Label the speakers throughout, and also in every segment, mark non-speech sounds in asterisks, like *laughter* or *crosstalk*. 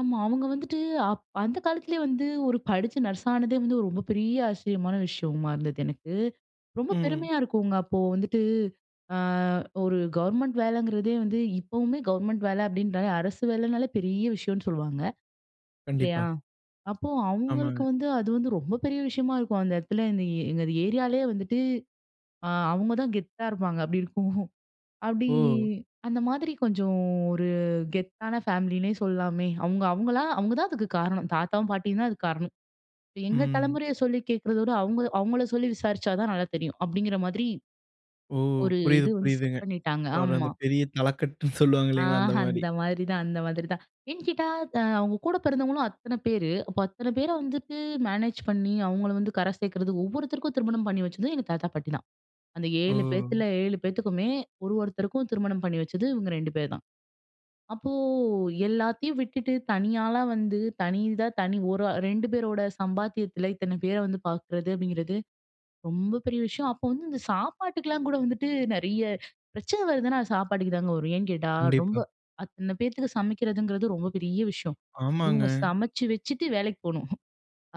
Speaker 1: ஆமா. அவங்க வந்துட்டு அப் அந்த காலத்திலே வந்து ஒரு படிச்சு நர்ஸ் ஆனதே வந்து ஒரு ரொம்ப பெரிய ஆச்சரியமான விஷயமா இருந்தது. எனக்கு, ரொம்ப
Speaker 2: ம்.
Speaker 1: பெருமையா இருக்குங்க. அப்போ வந்துட்டு ஆ ஒரு கவர்மெண்ட் வேலைங்கிறதே வந்து, இப்பவுமே கவர்மெண்ட் வேலை அப்படின்றாலே அரசு வேலனாலே பெரிய விஷயம்னு சொல்லுவாங்க. இல்லையா?
Speaker 2: கண்டிப்பா.
Speaker 1: அப்போ
Speaker 2: ஆமாங்க.
Speaker 1: அவுங்களுக்கு வந்து, அது வந்து ரொம்ப பெரிய விஷயமா இருக்கும். அந்த இடத்துல இந்த எங்க ஏரியாலியே வந்துட்டு ஆ அவங்க தான் கெத்தா இருப்பாங்க. அப்படி இருக்கும். அப்டி
Speaker 2: ஓ!
Speaker 1: அந்த மாரி கொஞ்சம் ஒரு கெத்தான ஃபேமிலின்னே சொல்லாமே. அவுங்க அவுங்கள அவுங்க தான் அதுக்கு காரணம் தாத்தாவும், பாட்டியும் தான் அதுக்கு காரணம். எங்க
Speaker 2: ம்.
Speaker 1: தலமுறைய சொல்லி கேட்குறத விட, அவுங்க அவுங்கள சொல்லி விசாரிச்சா தான் நல்லா தெரியும். அப்படிங்கிற மாதிரி
Speaker 2: ஓ!
Speaker 1: ஒரு
Speaker 2: புரியுது,
Speaker 1: இது வந்து
Speaker 2: புரியுதுங்க.
Speaker 1: செட் பண்ணிட்டாங்க.
Speaker 2: ஒரு அந்த
Speaker 1: ஆமா.
Speaker 2: பெரிய தலக்கட்டுன்னு சொல்வாங்க
Speaker 1: ஆ.
Speaker 2: இல்லங்களா? அந்த
Speaker 1: *chuckles*
Speaker 2: மாரி.
Speaker 1: அந்த மாதிரி தான் அந்த மாதிரி தான். ஏன் கேட்டா அவங்க கூட பெறந்தவங்களும் அத்தன பேரு. அப்போ அத்தன பேர வந்துட்டு மேனேஜ் பண்ணி அவுங்கள வந்து கரை சேக்கிறது. ஒவ்வொருத்தருக்கும் திருமணம் பண்ணி வெச்சதும், எங்க தாத்தா, பாட்டி தான். அந்த 7
Speaker 2: ஓ.
Speaker 1: பேத்துல, 7 பேத்துக்குமே ஒரு ஒருத்தருக்கும் திருமணம் பண்ணி வச்சது இவங்க 2 பேரு தான். அப்போ எல்லாத்தியும் விட்டுட்டு தனியாளா வந்து, தனி இதா தனி ஒரு 2 பேரோட சம்பாத்தியத்தில இத்தன பேர வந்து பார்க்கிறது அப்படிங்கிறது, ரொம்ப பெரிய விஷயம். அப்போ வந்து இந்த சாப்பாட்டுக்குலா கூட வந்துட்டு நெறைய பிரச்சன வருதுன்னா, அது சாப்பாட்டுக்கு தாங்க வரும். ஏன் கேட்டா ரொம்ப
Speaker 2: கண்டிப்பா.
Speaker 1: அத்தன பேத்துக்கு சமைக்கிறதுங்கிறது ரொம்ப பெரிய விஷயம்.
Speaker 2: ஆமாங்க.
Speaker 1: இவங்க சமைச்சு வெச்சுட்டு வேலைக்கு போணும். ம்.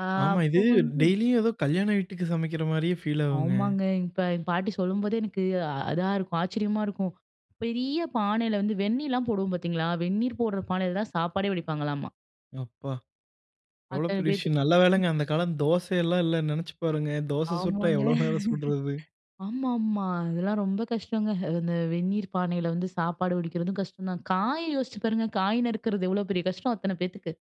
Speaker 1: ஆ
Speaker 2: ஆமா.
Speaker 1: அப்போ
Speaker 2: இது
Speaker 1: வந்து
Speaker 2: டெய்லியும் ஏதோ கல்யாண வீட்டுக்கு சமைக்கிற மாரியே ஃபீல் ஆகுங்க.
Speaker 1: ஆமாங்க. இப்ப எங்க பாட்டி சொல்லும்போதே, எனக்கு அதா இருக்கும். ஆச்சரியமா இருக்கும். பெரிய பானையில வந்து வெந்நீலா போடுவோம் பார்த்தீங்களா, வெந்நீர் போடுற பானையில தான் சாப்பாடே வடிப்பாங்களாமா.
Speaker 2: யேப்பா! எவ்வளோ
Speaker 1: அத்தன
Speaker 2: பெரிய
Speaker 1: பேத்துக்கு.
Speaker 2: விஷயம் நல்ல
Speaker 1: *chuckles*
Speaker 2: வேலைங்க அந்த காலம் தோசைல்லா இல்ல, நெனச்சு பாருங்க. தோச சுட்டா
Speaker 1: ஆமாங்க.
Speaker 2: எவ்வளோ நேரம் சுட்றது.
Speaker 1: ஆமா, ஆமா. அதெல்லா ரொம்ப கஷ்டங்க. அந்த வெந்நீர் பானையில வந்து சாப்பாடு வடிக்கிறதும் கஷ்டம் தான். காய யோசிச்சு பாருங்க, காய் நறுக்கிறது, எவ்வளோ பெரிய கஷ்டம் அத்தன பேத்துக்கு.